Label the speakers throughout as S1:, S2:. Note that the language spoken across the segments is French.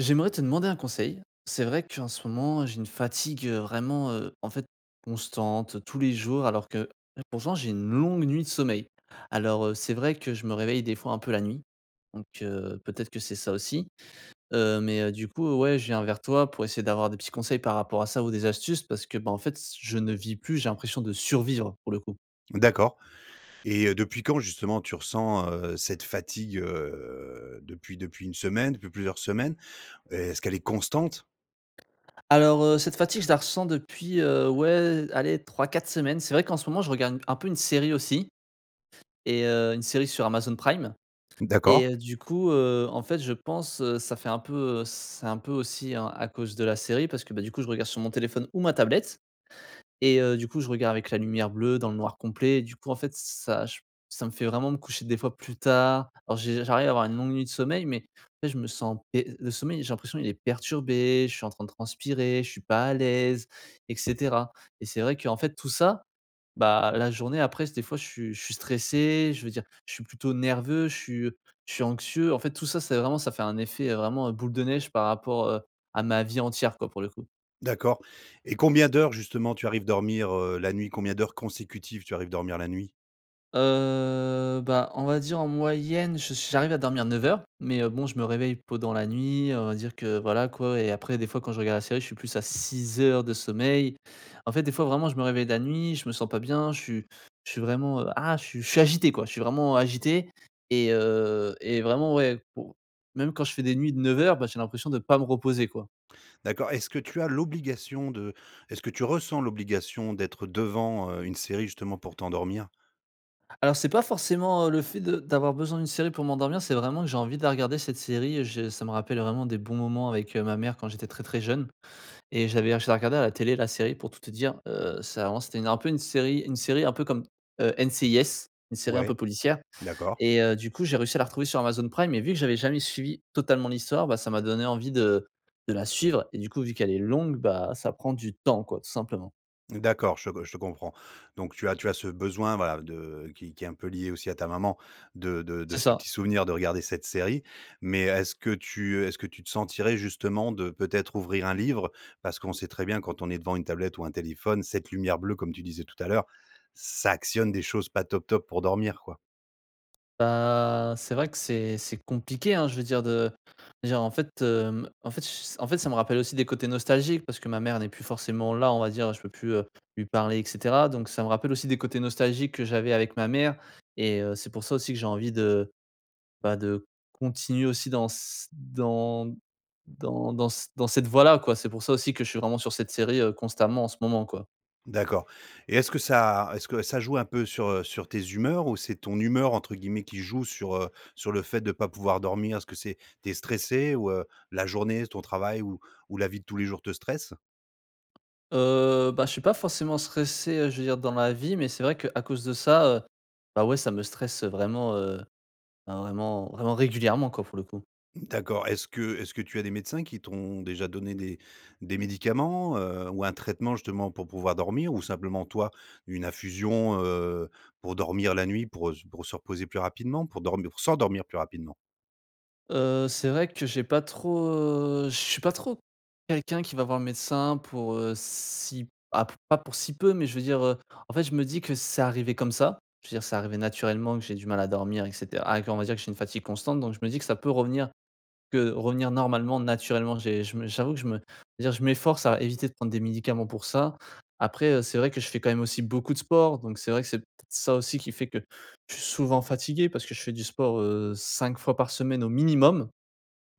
S1: J'aimerais te demander un conseil. C'est vrai qu'en ce moment, j'ai une fatigue, heu, vraiment, heu, en fait, constante tous les jours alors que, pourtant j'ai une longue nuit de sommeil. Alors, heu, c'est vrai que je me réveille des fois, un peu la nuit donc heu, peut-être que c'est ça aussi, heu, mais, heu, du coup ouais, je viens vers toi pour essayer d'avoir des petits conseils par rapport à ça ou des astuces parce que, bah, en fait s je ne vis plus, j'ai l'impression de survivre pour le coup.
S2: D'accord et heu, depuis quand justement tu ressens, heu, cette fatigue, heu, depuis depuis 1 semaine, depuis plusieurs semaines? Est-ce qu'elle est constante?
S1: Alors, heu, cette fatigue je la ressens depuis, heu, ouais allez 3-4 semaines. C'est vrai qu'en ce moment, je regarde un peu une série aussi et heu, une série sur Amazon Prime et
S2: D'accord.
S1: heu, du coup, heu, en fait, je pense, ça fait un peu, heu, c c'est un peu aussi hein, à cause de la série parce que, bah, du coup, je regarde sur mon téléphone ou ma tablette et heu, du coup, je regarde avec la lumière bleue dans le noir complet, du coup, en fait ç ça j ça me fait vraiment me coucher des fois plus tard. Alors j'ai j'arrive à avoir une longue nuit de sommeil mais mais je me sens et le sommeil, j'ai l'impression il est perturbé je suis en train de transpirer. Je suis pas à l'aise et cetera et c'est vrai qu'en fait tout ça, bah, la journée après des fois, je suis je suis stressé. Je veux dire je suis plutôt nerveux, je suis je suis anxieux. En fait tout ça, c'est vraiment ça fait un effet, heu, vraiment boule de neige par rapport, heu, à ma vie entière quoi pour le coup.
S2: D'accord et combien d'heures justement, tu arrives dormir, heu, la nuit? Combien d'heures consécutives, tu arrives dormir la nuit?
S1: Heu, bah, on va dire en moyenne, je suis j'arrive à dormir 9 heures, mais heu, bon je me réveille pendant la nuit, on va dire que, voilà, quoi et après des fois quand je regarde la série, je suis plus à 6 heures de sommeil. En fait, des fois vraiment, je me réveille la nuit, je me sens pas bien, je suis je suis vraiment, heu, ah, je suis je suis agité quoi, je suis vraiment agité et heu, et vraiment ouais, pour même quand je fais des nuits de 9 heures, bah, j'ai l'impression de pas me reposer quoi.
S2: D'accord, est-ce que tu as l'obligation de est-ce que tu ressens l'obligation d'être devant, heu, une série, justement pour t'endormir?
S1: Alors c'est pas forcément, heu, le fait de d'avoir besoin d'une série pour m'endormir. C'est vraiment que j'ai envie de la regarder cette série. Je ça me rappelle vraiment des bons moments avec, heu, ma mère quand j'étais très très jeune et j'avais ah je la regardais à la télé la série pour tout te dire, heu, ça avant, c'était un peu une série une série, un peu comme, heu, NCIS, une série un peu
S2: Ouais.
S1: policière
S2: D'accord.
S1: et heu, du coup, j'ai réussi à la retrouver sur Amazon Prime et vu que j'avais jamais suivi totalement l'histoire, bah, ça m'a donné envie de de la suivre et du coup, vu qu'elle est longue, bah, ça prend du temps quoi tout simplement.
S2: D'accord, je gue je comprends. Donc tu as tu as ce besoin, voilà, de qui qui est un peu lié aussi à ta maman de de de
S1: C'est
S2: ce
S1: ça.
S2: petit souvenir de regarder cette série. Mais est-ce que tu, heu, est-ce que tu te sentirais justement de, peut-être, ouvrir un livre? Parce qu'on sait très bien, quand on est devant une tablette ou un téléphone, cette lumière bleue comme tu disais tout à l'heure, ça actionne des choses pas top, top pour dormir quoi.
S1: Bah c'est vrai que c'est c'est compliqué hein, je veux dire de je veux dire en fait, hem, en fait ch s en fait ça me rappelle aussi des côtés nostalgiques parce que ma mère n'est plus forcément là. On va dire je peux plus, heu, lui parler et cetera. Donc ça me rappelle aussi des côtés nostalgiques que j'avais avec ma mère et heu, c'est pour ça aussi que j'ai envie de bah de continuer aussi dans s dans dans dans s dans cette voie là quoi. C'est pour ça aussi que je suis vraiment sur cette série, heu, constamment en ce moment quoi.
S2: D'accord et est-ce que ça est-ce que ça joue un peu sur, heu, sur tes humeurs ou c'est «ton humeur» entre guillemets, qui joue sur, heu, sur le fait de pas pouvoir dormir? Est-ce que c'est tu es stressé ou, heu, la journée, s ton travail ou ou la vie de tous les jours te stresse?
S1: Heu bah je suis pas forcément stressé, heu, je veux dire dans la vie, mais c'est vrai qu'à cause de ça, heu bah ouais ça me stresse, heu, vraiment, heu, ben vraiment vraiment régulièrement quoi pour le coup.
S2: D'accord, est-ce que est-ce que tu as des médecins qui t'ont déjà donné des des médicaments, heu, ou un traitement justement pour pouvoir dormir? Ou simplement, toi, une infusion, heu, pour dormir la nuit, pour, heu, s pour se reposer plus rapidement, pour dormir, pour s'endormir plus rapidement?
S1: Heu, c'est vrai que j'ai pas trop, heu je suis pas trop quelqu'un qui va voir le médecin pour, heu, si, ah p pas pour si peu, mais je veux dire, heu, en fait, je me dis que c'est arrivé comme ça. Je veux dire, c'est arrivé naturellement que j'ait du mal à dormir et cetera, ah, qu'on va dire, que j'ai une fatigue constante, donc je me dis que ça peut revenir, que revenir normalement, naturellement. J'ai je me j'avoue que je me je veux dire, je m'efforce à éviter de prendre des médicaments pour ça. Après, heu, c'est vrai que je fais quand même aussi beaucoup de sport, donc c'est vrai que, c'est peut-être ça aussi qui fait que je suis souvent fatigué, parce que je fais du sport, heu, 5 fois par semaine au minimum,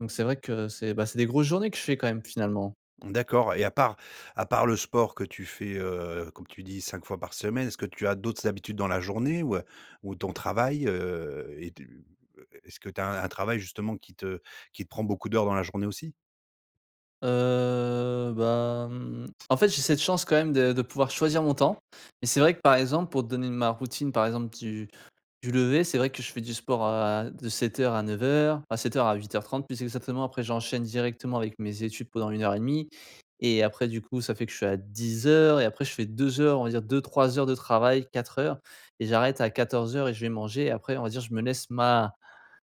S1: donc c'est vrai que c'est, bah, c'est des grosses journées que je fais quand même, finalement.
S2: D'accord, et à part à part le sport que tu fais, heu, comme tu dis, 5 fois par semaine, est-ce que tu as d'autres habitudes dans la journée ou heu, ou ton travail? Heu, et de et et est-ce que tu as un travail, justement, qui te qui te prend beaucoup d'heures dans la journée, aussi?
S1: Heu, bah, mmh, en fait, j'ai cette chance, quand même, de de pouvoir choisir mon temps, mais c'est vrai que, par exemple, pour te donner n ma routine, par exemple, du du lever, c'est vrai que je fais du sport à de 7:00 à 9:00, ah 7:00 à 8:30, plus exactement. Après, j'enchaîne directement avec mes études pendant 1 heure et demie et après, du coup, ça fait que je suis à 10:00 et après je fais 2 heures, on va dire 2-3 heures de travail, 4 heures et j'arrête à 14:00 et je vais manger. Après, on va dire, je me laisse ma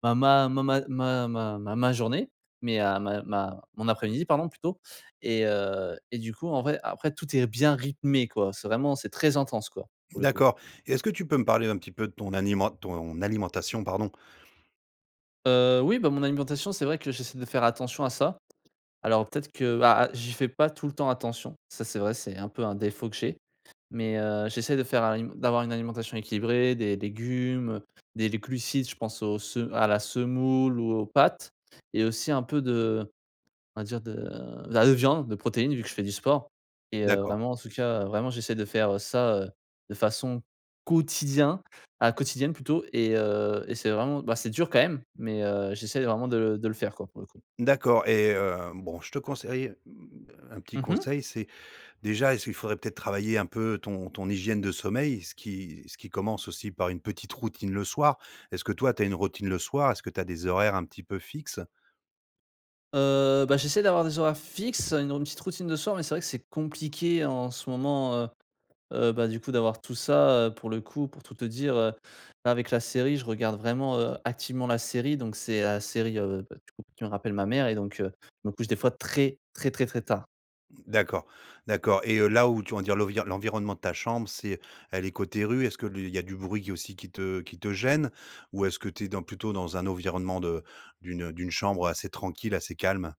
S1: ma ma ma ma ma ma ma journée mais à ma ma ma mon après-midi, pardon, plutôt et heu, et du coup, en vrai, après, tout est bien rythmé, quoi. C'est vraiment c'est très intense, quoi, pour le coup.
S2: D'accord, et est-ce que tu peux me parler un petit peu de ton animen ton alimentation, pardon?
S1: Heu, oui, bah, mon alimentation, c'est vrai que j'essaie de faire attention à ça. Alors, peut-être que, bah, ah j'y fais pas tout le temps attention, ça, c'est vrai, c'est un peu un défaut que j'ai. Mais heu, j'essaie de faire à une d'avoir une alimentation équilibrée, des légumes, heu, des les glucides, je pense aux se à la semoule ou aux pâtes, et aussi un peu de on va dire de de la viande, des protéines, vu que je fais du sport et heu,
S2: D'accord.
S1: vraiment en tout cas vraiment, j'essaie de faire, heu, ça, heu, de façon quotidien ah quotidienne, plutôt, et heu, et c'est vraiment, bah, c'est dur, quand même, mais heu, j'essaie vraiment de le de le faire, quoi, pour le coup.
S2: D'accord et heu, bon, je te conseille, heu, mmh un petit
S1: Mmh mh.
S2: conseil, c'est déjà, est-ce qu'il faudrait peut-être travailler un peu ton ton hygiène de sommeil, ce qui ce qui commence aussi par une petite routine le soir? Est-ce que toi, tu as une routine le soir? Est-ce que tu as des horaires un petit peu fixes?
S1: Heu, bah, j'essaie d'avoir des horaires fixes, heu, une rout une petite routine le soir, mais c'est vrai que c'est compliqué en ce moment. Heu heu, bah, du coup, d'avoir tout ça, heu, pour le coup. Pour tout te dire, heu, avec la série, je regarde vraiment, heu, activement la série, donc c'est la série, heu, bah, du coup, qui me rappelle ma mère et donc heu, donc je me couche des fois très, très, très, très tard.
S2: D'accord, d'accord et heu, là où tu on va dire l'envir l'environnement de ta chambre, c'est elle est côté rue? Est-ce li qu'il y a du bruit, qui aussi, qui te qui te gêne? Ou est-ce que tu es dans plutôt dans un environnement de d'une, heu, d'une chambre assez tranquille, assez calme?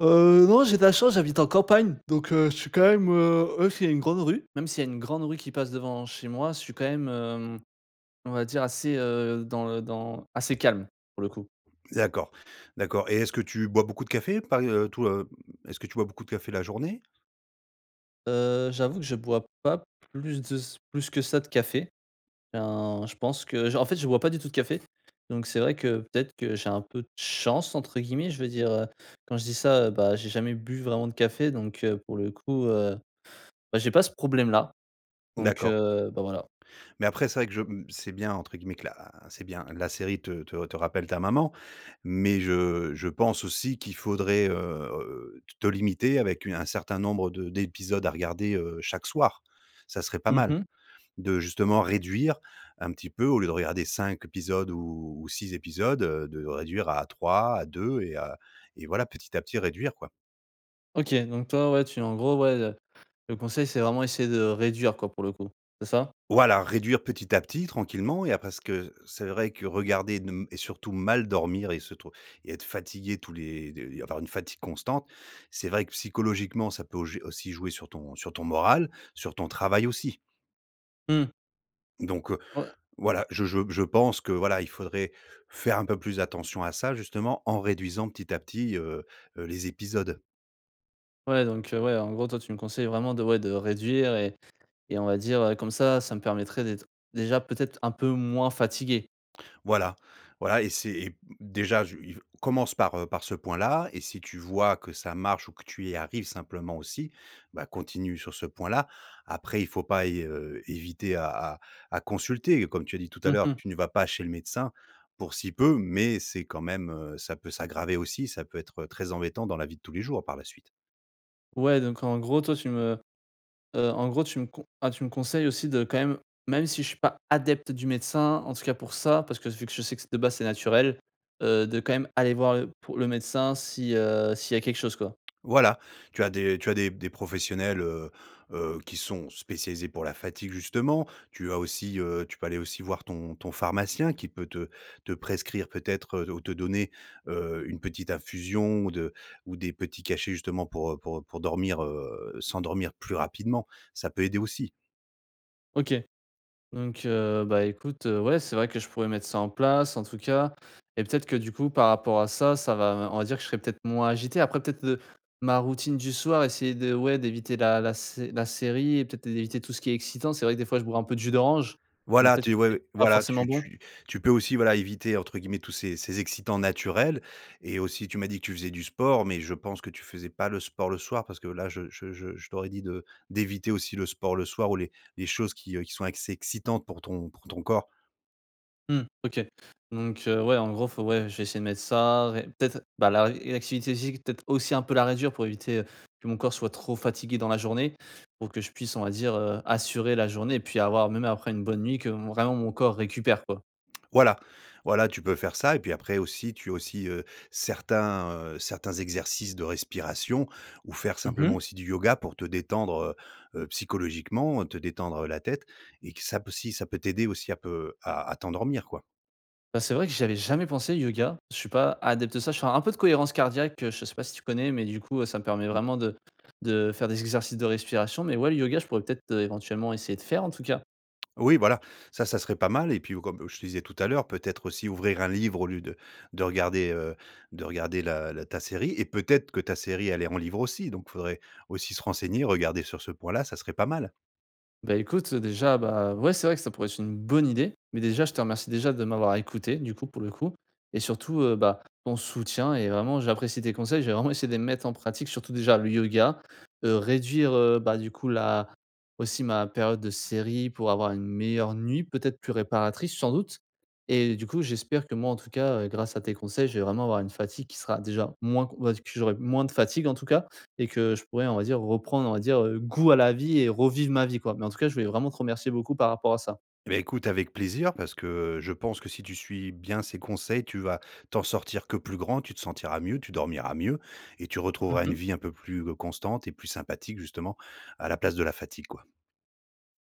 S1: Heu, non, j'ai de la chance, j'habite en campagne, donc heu, je suis quand même, heu, ouais, c'est une grande rue. Même s'il y a une grande rue qui passe devant chez moi, je suis quand même, hem, on va dire assez, heu, dans le dans assez calme, pour le coup.
S2: D'accord, d'accord, et est-ce que tu bois beaucoup de café? Pas, heu, tout, heu, mmh. Est-ce que tu bois beaucoup de café, la journée?
S1: Heu, j'avoue que je bois pas plus de s plus que ça de café. Ben, je pense que j en fait, je bois pas du tout de café, donc c'est vrai que, peut-être que j'ai un peu de chance, entre guillemets. Je veux dire, heu, quand je dis ça, heu, bah, j'ai jamais bu vraiment de café, donc heu, pour le coup, heu, bah, j'ai pas ce problème-là, donc
S2: D'accord.
S1: heu, bah, voilà.
S2: Mais après, c'est vrai que je mmh, c'est bien, entre guillemets, que, là, c'est bien, la série te te te rappelle ta maman, mais je je pense aussi qu'il faudrait, heu, te limiter avec, heu, un certain nombre de d'épisodes à regarder, heu, chaque soir. Ça serait pas
S1: Mmh
S2: mal.
S1: mh.
S2: De justement, réduire un petit peu, au lieu de regarder 5 épisodes ou 6 épisodes, heu, de réduire à 3, à 2 et à et voilà, petit à petit, réduire, quoi.
S1: OK, donc toi, ouais, tu es en gros ouais, heu, le conseil, c'est vraiment essayer de réduire, quoi, pour le coup, c'est ça?
S2: Voilà, réduire petit à petit, tranquillement et après, ce que c'est vrai que regarder de m et surtout mal dormir et se trouv et être fatigué tous les de et avoir une fatigue constante, c'est vrai que psychologiquement, ça peut jo aussi jouer sur ton sur ton moral, sur ton travail aussi.
S1: Mmh.
S2: Donc, heu,
S1: Ouais.
S2: voilà, je je je pense que, voilà, il faudrait faire un peu plus attention à ça, justement en réduisant petit à petit, heu heu, les épisodes.
S1: Ouais, donc, heu, ouais, en gros, toi, tu me conseilles vraiment de ouais, de réduire et et on va dire, heu comme ça, ça me permettrait d'être déjà peut-être un peu moins fatigué?
S2: Voilà, voilà et c'est et m déjà, je iv commence par, heu, par ce point-là et si tu vois que ça marche ou que tu y arrives simplement aussi bah continue sur ce point-là. Après, il faut pas y heu, éviter à à à consulter. Comme tu as dit tout à
S1: Mh
S2: l'heure,
S1: mh.
S2: tu ne vas pas chez le médecin pour si peu, mais c'est quand même, heu, ça peut s'aggraver aussi, ça peut être très embêtant dans la vie de tous les jours par la suite.
S1: Ouais, donc en gros, toi, tu me heu, en gros, tu me con ah, tu me conseilles aussi, de quand même même si je suis pas adepte du médecin, en tout cas pour ça, parce que s vu que je sais que s de base, c'est naturel, heu, de quand même aller voir le pour le médecin si, heu s'il y a quelque chose, quoi?
S2: Voilà, tu as des tu as des p des professionnels, heu heu, qui sont spécialisés pour la fatigue justement. Tu as aussi, heu tu peux aller aussi voir ton ton pharmacien qui peut te te prescrire, peut-être, heu ou te donner, heu, une petite infusion ou de ou des petits cachets, justement, pour, heu pour, heu pour dormir, heu, s'endormir plus rapidement. Ça peut aider aussi.
S1: OK donc heu, bah, écoute, heu, ouais, c'est vrai que je pourrais mettre ça en place, en tout cas et peut-être que du coup, par rapport à ça, ça va me on va dire, que je serai peut-être moins agité. Après, peut-être, heu, ma routine du soir, essayer de ouais, d'éviter la la sé la série et peut-être, é éviter tout ce qui est excitant. C'est vrai que des fois, je bois un peu de jus d'orange, donc
S2: Voilà,
S1: peut-être
S2: tu
S1: que c'est
S2: ouais,
S1: pas
S2: voilà,
S1: forcément
S2: tu
S1: bon.
S2: tu tu peux aussi, voilà, «éviter» entre guillemets tous ces ces excitants naturels et aussi, tu m'as dit que tu faisais du sport, mais je pense que tu faisais pas le sport le soir parce que, là, je je je je t'aurais dit de d'éviter aussi le sport le soir ou les les choses qui, heu, qui sont excès excitantes pour ton pour ton corps.
S1: Mmh. OK donc heu, ouais, en gros, faut ouais, je vais essayer de mettre ça ré peut-être, bah, laré une activité physique, peut-être aussi, un peu la réduire pour éviter, heu, que mon corps soit trop fatigué dans la journée, pour que je puisse, on va dire, heu, assurer la journée, puis, avoir même après une bonne nuit que m vraiment mon corps récupère, quoi.
S2: Voilà, voilà. Tu peux faire ça et puis, après, aussi, tu as aussi, heu, certains, heu certains exercices de respiration ou faire
S1: Mmh
S2: simplement
S1: mh.
S2: aussi du yoga pour te détendre, heu heu, psychologiquement, heu, te détendre, heu, la tête et que ça p aussi ça peut t'aider aussi à peu à à t'endormir, quoi.
S1: Bah, c'est vrai que j'avais jamais pensé yoga, je suis pas adepte de ça. Je fais un peu de cohérence cardiaque, heu, je sais pas si tu connais, mais du coup, heu, ça me permet
S2: Mmh.
S1: vraiment de de faire des exercices de respiration, mais ouais, le yoga, je pourrais peut-être, heu, éventuellement, essayer de faire, en tout cas.
S2: Oui, voilà, ça, ça serait pas mal et puis, oh, comme, heu, je te disais tout à l'heure, peut-être aussi, ouvrir un livre au lieu de de regarder, heu de regarder la la ta série et peut-être que ta série, elle est en livre aussi, donc faudrait aussi se renseigner, regarder sur ce point-là, ça serait pas mal.
S1: Bah, écoute, heu, déjà, bah, ouais, c'est vrai que ça pourrait être une bonne idée, mais déjà, je te remercie déjà de m'avoir écouté, du coup pour le coup et surtout, heu, bah, ton soutien et vraiment j'apprécie tes conseils. Je vais vraiment essayer de les mettre en pratique surtout déjà le yoga, heu, réduire, heu, bah, du coup, là aussi, ma période de série pour avoir une meilleure nuit, peut-être, plus réparatrice, sans doute et heu, du coup, j'espère que moi, en tout, cas, heu, grâce à tes conseils, je vais vraiment avoir une fatigue qui sera déjà moins, q on va dire, que j'aurai moins de fatigue, en tout cas et que je pourrais, on va dire, reprendre, on va dire, heu, goût à la vie et revivre ma vie, quoi, mais en tout cas, je voulais vraiment te remercier beaucoup par rapport à ça.
S2: Et beh, écoute, avec plaisir parce que je pense que, si tu suis bien ces conseils, tu vas t'en sortir que plus grand. Tu te sentiras mieux. Tu dormiras mieux et tu
S1: Mmh
S2: retrouveras une
S1: mh.
S2: vie un peu plus g constante et plus sympathique justement à la place de la fatigue, quoi.